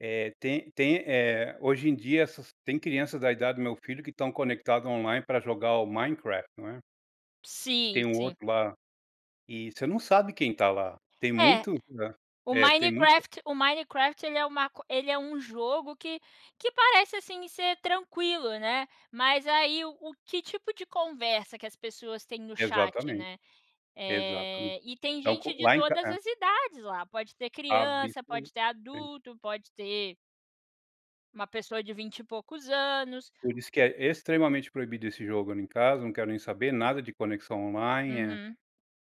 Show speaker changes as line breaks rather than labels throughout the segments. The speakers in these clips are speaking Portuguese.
É, tem tem, eh hoje em dia, essas tem crianças da idade do meu filho que estão conectadas online para jogar o Minecraft, não é.
Sim,
Tem um
sim.
outro lá, e você não sabe quem está lá. Tem
É,
muitos hã,
o
é, tem muito
Minecraft o Minecraft, ele é um maco ele é um jogo que que parece, assim, ser tranquilo, né. Mas aí, o o que tipo de conversa que as pessoas têm no chat,
Exatamente.
né,
Exatamente.
eh, e tem
Então
gente
co
de
lá em ca
todas
é.
as idades lá, pode ter criança, pode
[unintelligible]
ter
Tem.
adulto, pode ter uma pessoa de vinte e poucos anos
Por isso que é, extremamente proibido esse jogo ali em casa, não quero nem saber, nada de conexão online, eh.
Uhum.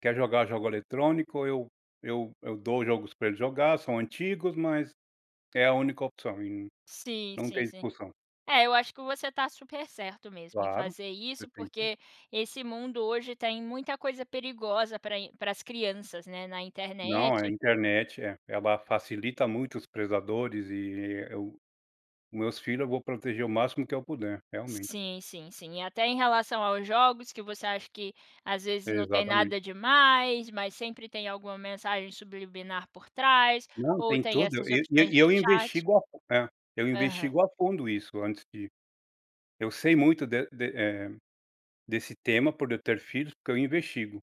Quer jogar jogo eletrônico? Eu eu eu dou jogos pra ele jogar, são antigos, mas é a única opção e
Sim,
não
sim,
tem
sim.
discussão.
É, eu acho que você tá super certo mesmo, em
Claro,
fazer
você
isso,
tem que
porque esse mundo hoje, tem muita coisa perigosa pra in pras crianças, né, na
Não, a
internet
internet é, ela facilita muito os predadores, eh, eu meus filhos, eu vou proteger o máximo que eu puder, realmente.
Sim, sim, sim. Até em relação aos jogos, que você acha que, às vezes, não tem
Exatamente.
nada demais, mas sempre tem alguma mensagem subliminar por trás,
Não,
ou
tem
tem
tudo.
essas
E, ne
opções
e
de
eu
chat
investigo a fun é, eu
Aham.
investigo a fundo isso antes de eu sei muito de de eh, desse tema por eu ter filhos, porque eu investigo,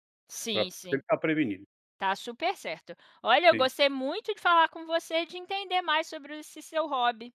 pra
Sim, sim.
tentar prevenir.
Tá super certo. Olha, eu
Sim.
gostei muito de falar com você, de entender mais sobre o esse seu hobby.